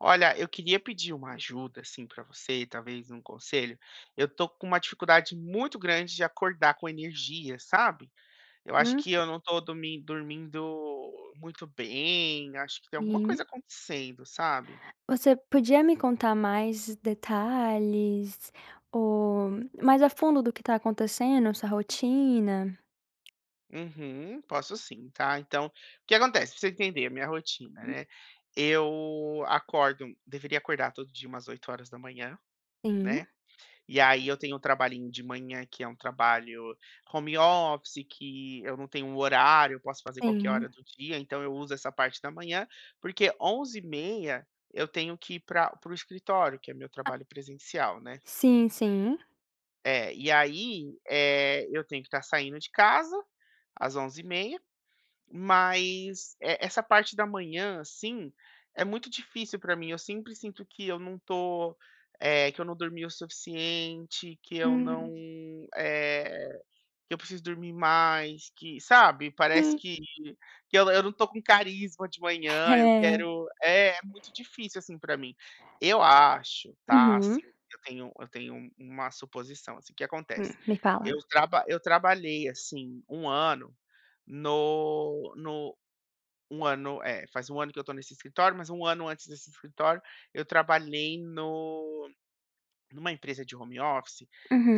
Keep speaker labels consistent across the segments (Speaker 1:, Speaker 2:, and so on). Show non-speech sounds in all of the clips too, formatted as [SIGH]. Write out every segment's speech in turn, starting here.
Speaker 1: Olha, eu queria pedir uma ajuda, assim, pra você, talvez um conselho, eu tô com uma dificuldade muito grande de acordar com energia, sabe? Eu acho
Speaker 2: Hum.
Speaker 1: que eu não tô domin dormindo muito bem, acho que tem alguma
Speaker 2: Sim.
Speaker 1: coisa acontecendo, sabe?
Speaker 2: Você podia me contar mais detalhes, ou mais a fundo do que tá acontecendo, sua rotina?
Speaker 1: Uhum, posso sim, tá. Então, o que acontece pra você entender a minha rotina, né? Eu acordo deveria acordar todo dia umas 8h00,
Speaker 2: Sim.
Speaker 1: né. E aí, eu tenho um trabalhinho de manhã, que é um trabalho home office que eu não tenho um horário, eu posso fazer qualquer hora
Speaker 2: Sim.
Speaker 1: do dia, então eu uso essa parte da manhã porque 11h30 eu tenho que ir pra para o escritório que é meu trabalho presencial, né.
Speaker 2: Sim, sim.
Speaker 1: É, e aí, eh, eu tenho que estar saindo de casa às 11h30 mas, eh, essa parte da manhã, assim, é muito difícil pra mim, eu sempre sinto que eu não tô eh, que eu não dormi o suficiente, que eu não,
Speaker 2: Hum.
Speaker 1: eh, que eu preciso dormir mais, que sabe? Parece
Speaker 2: Sim.
Speaker 1: que que eu eu não tô com carisma de manhã, eu
Speaker 2: É.
Speaker 1: quero é é muito difícil assim, pra mim. Eu acho, tá,
Speaker 2: Uhum.
Speaker 1: assim eu tenho eu tenho uma suposição, assim. O que
Speaker 2: Hum,
Speaker 1: acontece?
Speaker 2: me fala.
Speaker 1: Eu traba eu trabalhei assim 1 ano no no 1 ano, é, faz 1 ano que eu tô nesse escritório, mas 1 ano antes desse escritório eu trabalhei no numa empresa de home office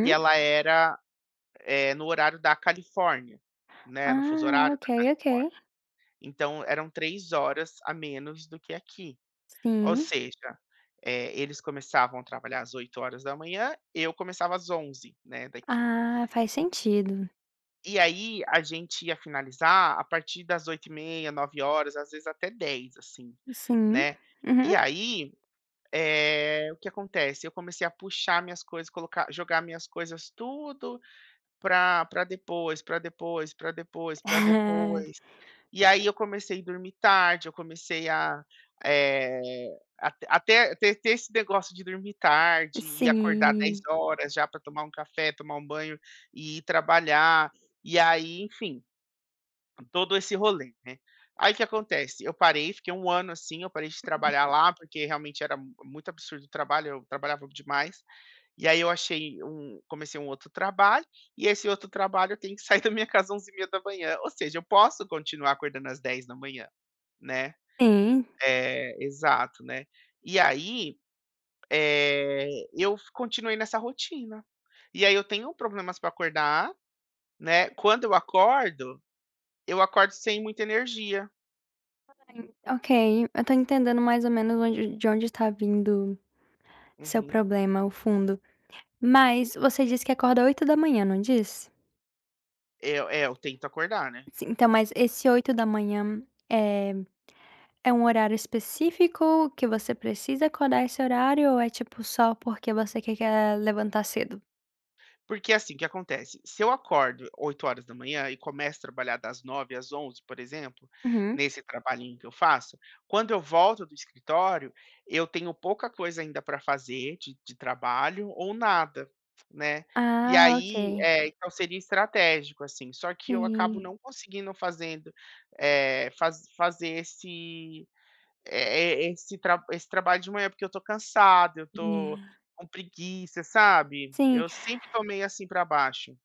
Speaker 1: que ela era, eh, no horário da Califórnia, né, no fuso
Speaker 2: Ah,
Speaker 1: horário
Speaker 2: ok
Speaker 1: da
Speaker 2: ok.
Speaker 1: Califórnia, então eram 3 horas a menos do que aqui. Ou
Speaker 2: Sim.
Speaker 1: seja, eh, eles começavam trabalhar às 8h00, eu começava às 11h00, né, daqui.
Speaker 2: Ah, faz sentido.
Speaker 1: E aí, a gente ia finalizar a partir das 20h30, 21h00,, às vezes até 22h00, assim,
Speaker 2: Sim,
Speaker 1: né.
Speaker 2: uhum.
Speaker 1: E aí, eh, o que acontece? Eu comecei a puxar minhas coisas, colocar jogar minhas coisas tudo pra pra depois pra depois, pra depois, pra depois,
Speaker 2: É!
Speaker 1: e aí, eu comecei dormir tarde, eu comecei a, eh, até até te ter esse negócio de dormir tarde e acordar dez
Speaker 2: Sim.
Speaker 1: horas já pra tomar um café, tomar um banho e ir trabalhar, e aí, enfim, todo esse rolê, né. Aí, o que acontece? Eu parei, fiquei 1 ano assim, eu parei de
Speaker 2: [UNINTELLIGIBLE]
Speaker 1: trabalhar lá porque realmente era mu muito absurdo o trabalho, eu trabalhava demais, e aí, eu achei um comecei um outro trabalho, e esse outro trabalho tem que sair da minha casa 11h30, ou seja, eu posso continuar acordando às 10h00, né,
Speaker 2: Sim.
Speaker 1: eh, exato, né. E aí, eh, eu f continuei nessa rotina, e aí, eu tenho problemas pra acordar, né, quando eu acordo, eu acordo sem muita energia.
Speaker 2: [UNINTELLIGIBLE] .Ok, eu tô entendendo mais ou menos onde de onde está vindo seu
Speaker 1: Uhum.
Speaker 2: problema, o fundo. Mas você disse que acorda 8 da manhã, não disse?
Speaker 1: É eu é eu tento acordar, né.
Speaker 2: Sim, então, mas esse 8 da manhã, eh eh, é um horário específico, que você precisa acordar esse horário ou é, tipo, só porque você quer que a levantar cedo?
Speaker 1: Porque, assim, o que acontece? Se eu acordo 8 horas da manhã e começo a trabalhar das 9 às 11, por exemplo,
Speaker 2: Uhum.
Speaker 1: nesse trabalhinho que eu faço, quando eu volto do escritório, eu tenho pouca coisa ainda pra fazer de de trabalho ou nada, né. E
Speaker 2: Ah,
Speaker 1: aí,
Speaker 2: ok.
Speaker 1: eh, então, seria estratégico, assim, só que eu acabo
Speaker 2: Sim.
Speaker 1: não conseguindo fazendo, eh, faz fazer esse, eh, e esse tra esse trabalho de manhã, porque eu tô cansado, eu estou
Speaker 2: É.
Speaker 1: com preguiça, sabe.
Speaker 2: Sim.
Speaker 1: Eu sempre tô meio assim pra baixo.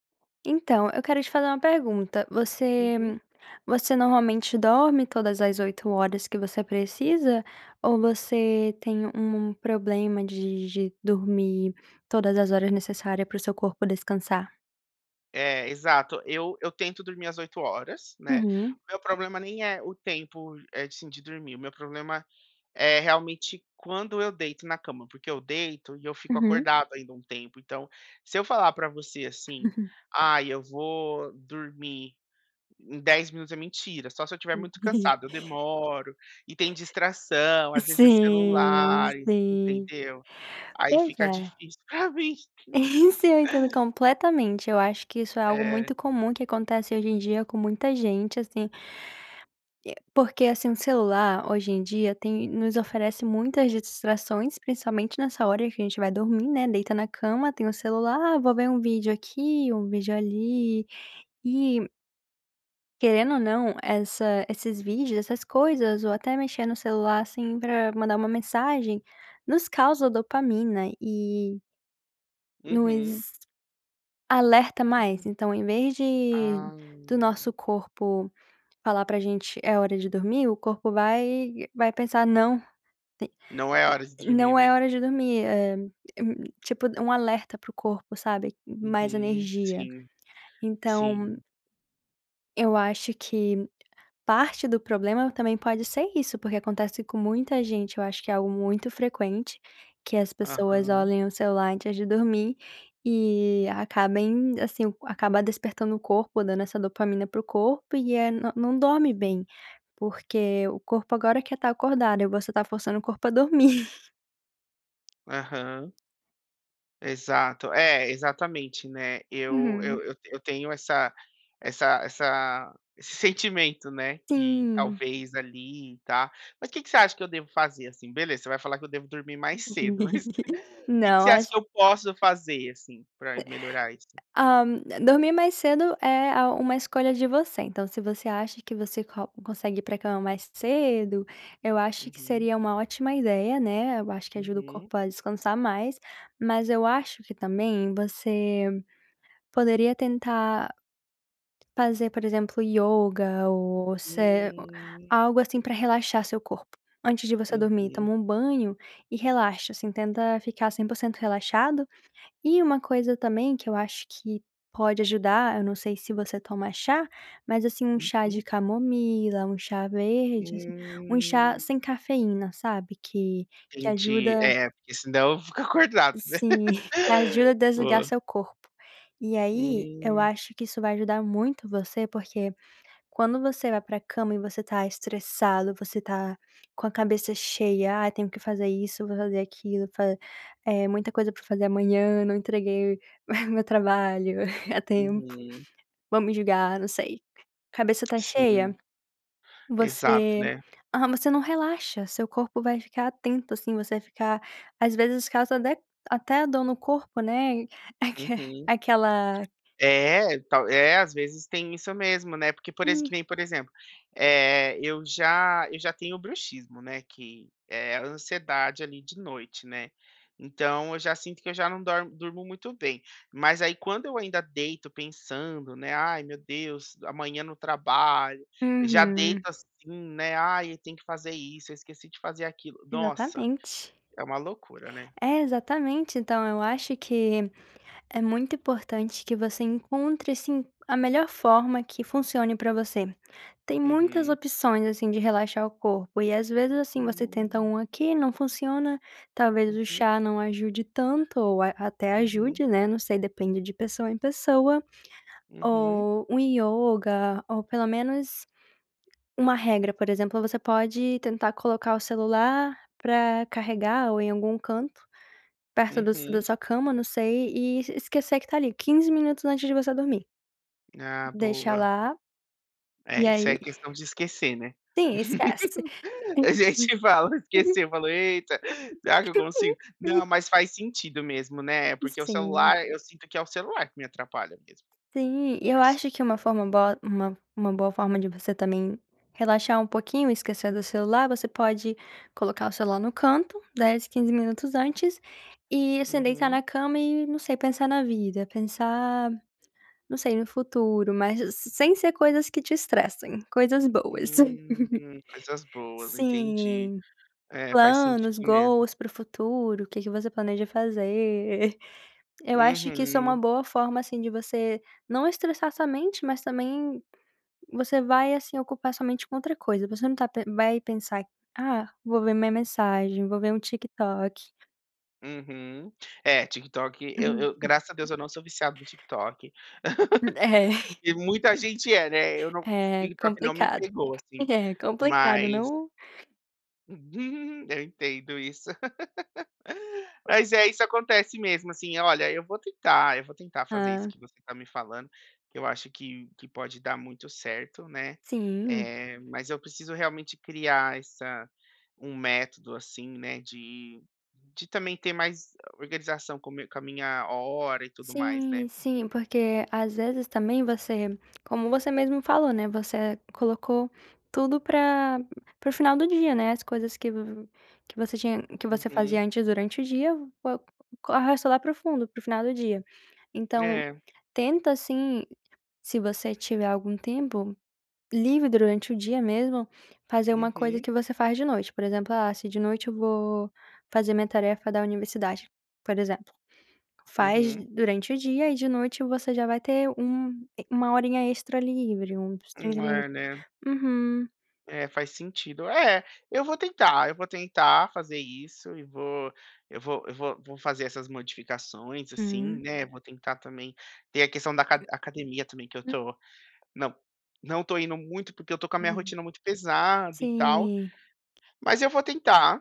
Speaker 2: Então, eu quero te fazer uma pergunta: você
Speaker 1: Uhum.
Speaker 2: você normalmente dorme todas as 8 horas que você precisa, ou você tem, u um problema de de dormir todas as horas necessária para o seu corpo descansar?
Speaker 1: É, exato. Eu eu tento dormir as 8 horas, né.
Speaker 2: Uhum.
Speaker 1: Meu problema nem é o tempo, eh, assim, de dormir. O meu problema é realmente quando eu deito na cama, porque eu deito e eu fico
Speaker 2: Uhum.
Speaker 1: acordado ainda um tempo. Então, se eu falar pra você assim:
Speaker 2: [CHUCKLES]
Speaker 1: "Ai, eu vou dormir em 10 minutos." É mentira. Só se eu estiver muito
Speaker 2: [CHUCKLES]
Speaker 1: cansado. Eu demoro. E tem distração. Às vezes é
Speaker 2: Sim,
Speaker 1: celulares,
Speaker 2: sim.
Speaker 1: entendeu. Aí
Speaker 2: Pois
Speaker 1: fica
Speaker 2: é.
Speaker 1: difícil. É o vício.
Speaker 2: Isso eu entendo completamente. Eu acho que isso é algo
Speaker 1: É.
Speaker 2: muito comum que acontece hoje em dia com muita gente, assim porque, assim, o celular hoje em dia tem nos oferece muitas distrações, principalmente nessa hora em que a gente vai dormir, né. Deita na cama, tem o celular: "Ah, vou ver um vídeo aqui um vídeo ali." E querendo ou não, essa esses vídeos, essas coisas, ou até mexer no celular, assim, pra mandar uma mensagem, nos causa dopamina e
Speaker 1: Uhum.
Speaker 2: nos alerta mais.
Speaker 1: [UNINTELLIGIBLE]
Speaker 2: Então, em vez de
Speaker 1: Ah.
Speaker 2: do nosso corpo falar pra gente: "É hora de dormir", o corpo vai vai pensar: "Não,
Speaker 1: Não é hora de
Speaker 2: te
Speaker 1: dormir,
Speaker 2: não é
Speaker 1: né?
Speaker 2: hora de dormir". É hum, tipo um alerta para o corpo, sabe. Mais
Speaker 1: Uhum.
Speaker 2: energia.
Speaker 1: Sim,
Speaker 2: Então
Speaker 1: sim.
Speaker 2: Eu acho que parte do problema também pode ser isso, porque acontece com muita gente eu acho que é algo muito frequente, que as pessoas
Speaker 1: Aham.
Speaker 2: olhem o celular antes de dormir e acabem, assim, acaba despertando o corpo, dando essa dopamina para o corpo e é não dorme bem. Porque o corpo agora quer estar acordado e você está forçando o corpo a dormir.
Speaker 1: Aham. Exato, é exatamente, né. Eu
Speaker 2: Uhum.
Speaker 1: eu eu eu tenho essa essa essa esse sentimento né, que
Speaker 2: Sim.
Speaker 1: talvez ali e ta mas que que você acha que eu devo fazer assim? Beleza, você vai falar que eu devo dormir mais cedo [CHUCKLES] mas,
Speaker 2: [LAUGHS]
Speaker 1: que que você
Speaker 2: Não,
Speaker 1: acha
Speaker 2: acho
Speaker 1: que eu posso
Speaker 2: [UNINTELLIGIBLE]
Speaker 1: fazer assim
Speaker 2: E
Speaker 1: pra melhorar isso?
Speaker 2: Hã, dormir mais cedo é a uma escolha de você. Então se você acha que você co consegue ir pra cama mais cedo, eu acho que
Speaker 1: Uhum.
Speaker 2: seria uma ótima ideia, né. Eu acho que ajuda o
Speaker 1: Uhum.
Speaker 2: corpo a descansar mais, mas eu acho que também você poderia tentar fazer por exemplo yoga ou se
Speaker 1: Hum.
Speaker 2: algo assim pra relaxar seu corpo, antes de você dormir,
Speaker 1: Uhum.
Speaker 2: toma um banho e relaxa assim tenta ficar 100% relaxado e uma coisa também, que eu acho que pode ajudar, eu não sei se você toma chá, mas assim um chá de
Speaker 1: Uhum.
Speaker 2: camomila, um chá verde assim, um chá
Speaker 1: Hum.
Speaker 2: sem cafeína sabe que que
Speaker 1: Entendi,
Speaker 2: ajuda
Speaker 1: é, porque senão eu vou ficar acordado, né.
Speaker 2: Sim, que ajuda a
Speaker 1: [LAUGHS]
Speaker 2: desligar
Speaker 1: Vou.
Speaker 2: seu corpo. E aí eu
Speaker 1: Hum.
Speaker 2: acho que isso vai ajudar muito você porque, quando você vai pra cama e você está estressado, você está com a cabeça cheia, "ai, tenho que fazer isso, vou fazer aquilo, fa é muita coisa pra fazer amanhã, não entreguei, ah, o meu trabalho [CHUCKLES] a tempo,
Speaker 1: Uhum.
Speaker 2: vão me julgar", não sei. Cabeça está
Speaker 1: Sim.
Speaker 2: cheia.
Speaker 1: Exato,
Speaker 2: Você,
Speaker 1: né.
Speaker 2: ah, mas você não relaxa, seu corpo vai ficar atento assim, você vai ficar, às vezes causa até até dor no corpo, né, e aque
Speaker 1: Uhum.
Speaker 2: aquela
Speaker 1: É, tal é às vezes tem isso mesmo né, porque por exem
Speaker 2: Hum.
Speaker 1: que nem por exemplo, eh, eu já eu já tenho o bruxismo, né, que é a ansiedade ali de noite, né. Então eu já sinto que eu já não dor durmo muito bem, mas aí quando eu ainda deito pensando né, "ai, meu Deus, amanhã no trabalho", já deito
Speaker 2: Uhum.
Speaker 1: assim né, "ai, tem que fazer isso, eu esqueci de fazer aquilo", nossa,
Speaker 2: Exatamente.
Speaker 1: é uma loucura, né.
Speaker 2: É exatamente, então eu acho que é muito importante que você encontre assim a melhor forma que funcione pra você. Tem muitas
Speaker 1: Uhum.
Speaker 2: opções assim de relaxar o corpo e às vezes assim você tenta
Speaker 1: Hum.
Speaker 2: um aqui não funciona, talvez o
Speaker 1: Uhum.
Speaker 2: chá não ajude tanto ou até
Speaker 1: Uhum.
Speaker 2: ajude, né, não sei, depende de pessoa em pessoa,
Speaker 1: Uhum.
Speaker 2: ou um yoga ou pelo menos uma regra, por exemplo, você pode tentar colocar o celular pra carregar ou em algum canto, perto do da
Speaker 1: Uhum.
Speaker 2: sua cama não sei e esquecer que está ali, 15 minutos antes de você dormir.
Speaker 1: Ah,
Speaker 2: Deixa
Speaker 1: boa.
Speaker 2: lá e
Speaker 1: É, isso
Speaker 2: aí
Speaker 1: é questão de esquecer, né.
Speaker 2: Sim, esquece.
Speaker 1: [LAUGHS] A gente fala
Speaker 2: [LAUGHS]
Speaker 1: esqueceu, fala "eita, será que eu consigo?". Não,
Speaker 2: [LAUGHS]
Speaker 1: mas faz sentido mesmo, né, porque o
Speaker 2: Sim.
Speaker 1: celular eu sinto que é o celular que me atrapalha mesmo.
Speaker 2: Sim, eu
Speaker 1: Assumo.
Speaker 2: acho que uma forma boa uma uma boa forma de você também relaxar um pouquinho e esquecer do celular, você pode colocar o celular no canto, 10, 15 minutos antes e assim, deitar
Speaker 1: Uhum.
Speaker 2: na cama e não sei, pensar na vida, pensar, não sei no futuro, mas as sem ser coisas que te estressem, coisas boas.
Speaker 1: Hum,
Speaker 2: [CHUCKLES]
Speaker 1: coisas boas, entendi.
Speaker 2: Sim,
Speaker 1: É faz sentido
Speaker 2: planos,
Speaker 1: mesmo.
Speaker 2: goals para o futuro, o que que você planeja fazer. Eu acho que isso é uma
Speaker 1: Uhum.
Speaker 2: boa forma assim de você não estressar somente, mas também, você vai assim ocupar sua mente com outra coisa, você não está pen vai pensar, "ah, vou ver minha mensagem, vou ver um TikTok".
Speaker 1: Uhum, é TikTok, eu eu graças a
Speaker 2: [CHUCKLES]
Speaker 1: Deus eu não sou viciado no TikTok
Speaker 2: É.
Speaker 1: [LAUGHS] e muita gente é, né, eu não
Speaker 2: É
Speaker 1: TikTok não me
Speaker 2: complicado,
Speaker 1: pegou assim,
Speaker 2: é complicado
Speaker 1: mas
Speaker 2: não
Speaker 1: [CHUCKLES] Eu entendo isso. [LAUGHS] Mas é isso acontece mesmo assim. Olha, eu vou tentar, eu vou tentar fazer isso
Speaker 2: Hã.
Speaker 1: que você está me falando, que eu acho que que pode dar muito certo, né,
Speaker 2: Sim.
Speaker 1: eh, mas eu preciso realmente criar essa um método, assim, né, de de também ter mais organização como comi com a minha hora e tudo mais, né.
Speaker 2: Sim, sim, porque às vezes também você como você mesmo falou, né, você colocou tudo pra pro final do dia, né, as coisas que vo que você tinha que você
Speaker 1: Uhum.
Speaker 2: fazia antes durante o dia, co arrasta lá profundo, para o final do dia. Então,
Speaker 1: É.
Speaker 2: tenta assim, se você tiver algum tempo livre, durante o dia mesmo fazer uma coisa
Speaker 1: Uhum.
Speaker 2: que você faz de noite, por exemplo, ah se de noite eu vou fazer minha tarefa da universidade, por exemplo, faz
Speaker 1: Uhum.
Speaker 2: durante o dia e de noite você já vai ter um e 1 horinha extra livre, uns
Speaker 1: Hum,
Speaker 2: 30
Speaker 1: é,
Speaker 2: minutos
Speaker 1: né.
Speaker 2: uhum.
Speaker 1: É, faz sentido. É, eu vou tentar, eu vou tentar fazer isso e vou eu vou eu vou vou fazer essas modificações, assim,
Speaker 2: Hum.
Speaker 1: né. Vou tentar também ter a questão da aca academia também que eu
Speaker 2: [UNINTELLIGIBLE]
Speaker 1: tô não não estou indo muito porque eu estou com a minha
Speaker 2: Hum.
Speaker 1: rotina muito pesada e tal,
Speaker 2: Sim.
Speaker 1: mas eu vou tentar,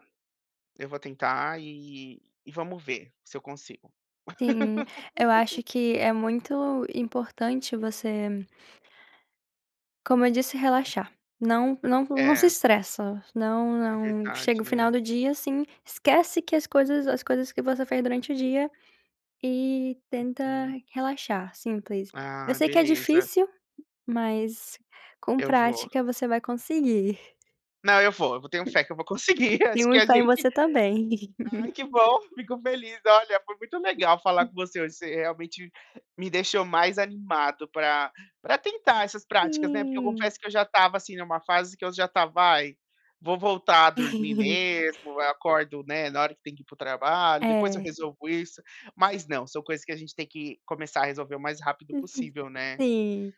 Speaker 1: eu vou tentar e e vamos ver se eu consigo.
Speaker 2: Sim, eu
Speaker 1: [LAUGHS]
Speaker 2: acho que é muito importante você como eu disse relaxar, não não não se
Speaker 1: É.
Speaker 2: estressa, não
Speaker 1: É
Speaker 2: não chega
Speaker 1: verdade,
Speaker 2: o final
Speaker 1: né.
Speaker 2: do dia, assim, esquece que as coisas as coisas que você fez durante o dia e tenta
Speaker 1: Uhum.
Speaker 2: relaxar simples. Eu
Speaker 1: Ah,
Speaker 2: sei que é
Speaker 1: Beleza.
Speaker 2: difícil, mas com
Speaker 1: Eu vou.
Speaker 2: prática você vai conseguir.
Speaker 1: Não eu vou, eu vou tenho fé que eu vou
Speaker 2: [UNINTELLIGIBLE]
Speaker 1: conseguir acho que
Speaker 2: Tenho
Speaker 1: a
Speaker 2: fé em
Speaker 1: gente
Speaker 2: você também.
Speaker 1: ai
Speaker 2: [LAUGHS]
Speaker 1: que bom, fico feliz, olha, foi muito legal falar
Speaker 2: [UNINTELLIGIBLE]
Speaker 1: com você hoje, você realmente me deixou mais animado pra pra tentar essas práticas, né. Porque eu
Speaker 2: Hum.
Speaker 1: confesso que eu já estava assim numa fase que eu já estava: "Ai, vou voltar a dormir
Speaker 2: [CHUCKLES]
Speaker 1: mesmo, eu acordo, né, na hora que tem que ir pro trabalho, depois eu
Speaker 2: É.
Speaker 1: resolvo isso", mas não são coisas que a gente tem que começar a resolver o mais rápido
Speaker 2: [UNINTELLIGIBLE]
Speaker 1: possível, né.
Speaker 2: Sim.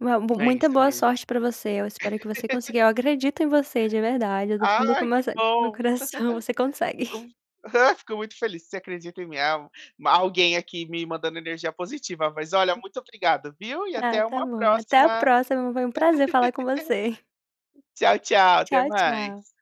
Speaker 2: Mu
Speaker 1: É
Speaker 2: muita
Speaker 1: isso
Speaker 2: boa
Speaker 1: mesmo.
Speaker 2: sorte para você, eu espero que você
Speaker 1: [LAUGHS]
Speaker 2: consiga, eu acredito em você de verdade, é do fundo
Speaker 1: Ai que
Speaker 2: começa do meu
Speaker 1: bom,
Speaker 2: coração, você consegue.
Speaker 1: [LAUGHS] com fico muito feliz, você acredita em mim al ma alguém aqui me mandando energia positiva, mas olha
Speaker 2: [UNINTELLIGIBLE]
Speaker 1: muito obrigado, viu, e
Speaker 2: Ah
Speaker 1: até
Speaker 2: tá
Speaker 1: uma
Speaker 2: bom, até a
Speaker 1: próxima.
Speaker 2: próxima, foi um prazer falar com você.
Speaker 1: [LAUGHS] Tchau, tchau, até
Speaker 2: Tchau, tchau.
Speaker 1: mais.